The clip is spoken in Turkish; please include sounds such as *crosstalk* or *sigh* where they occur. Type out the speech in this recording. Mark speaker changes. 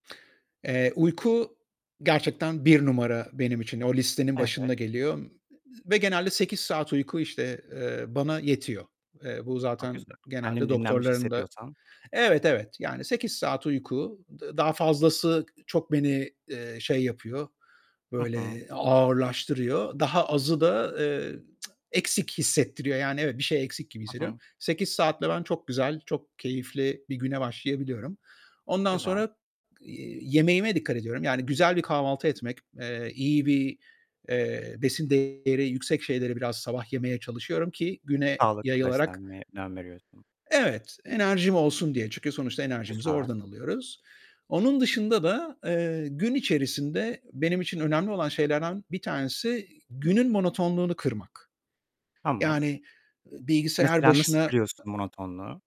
Speaker 1: Eee, uyku gerçekten bir numara benim için, o listenin
Speaker 2: Evet.
Speaker 1: başında geliyor ve genelde 8 saat uyku, işte, eee, bana yetiyor. Eee, bu
Speaker 2: A,
Speaker 1: zaten
Speaker 2: güzel.
Speaker 1: genelde
Speaker 2: Kendini dinlenmiş
Speaker 1: doktorların da
Speaker 2: hissediyorsan.
Speaker 1: Evet, evet, yani 8 saat uyku, d daha fazlası çok beni, eee, şey yapıyor,
Speaker 2: Hı hı.
Speaker 1: böyle ağırlaştırıyor. Daha azı da, eee, *tsk* eksik hissettiriyor. Yani evet, bir şey eksik gibi
Speaker 2: Hı
Speaker 1: hissediyorum.
Speaker 2: hı.
Speaker 1: 8 saatle ben çok güzel, çok keyifli bir güne başlayabiliyorum. Ondan
Speaker 2: Güzel.
Speaker 1: sonra, iii, yemeğime dikkat ediyorum. Yani, güzel bir kahvaltı etmek, eee, iyi bir, eee, besin değeri yüksek şeyleri biraz sabah yemeye çalışıyorum ki güne
Speaker 2: Sağlıklı
Speaker 1: yayılarak
Speaker 2: beslenmeye önem veriyorsun.
Speaker 1: Evet, enerjim olsun diye. Çünkü sonuçta enerjimizi
Speaker 2: Güzel.
Speaker 1: oradan alıyoruz. Onun dışında da, eee, gün içerisinde benim için önemli olan şeylerden bir tanesi, günün monotonluğunu kırmak.
Speaker 2: Tamam.
Speaker 1: Yani, ııı, bilgisayar
Speaker 2: Mesela nasıl
Speaker 1: başına
Speaker 2: kırıyorsun monotonluğu?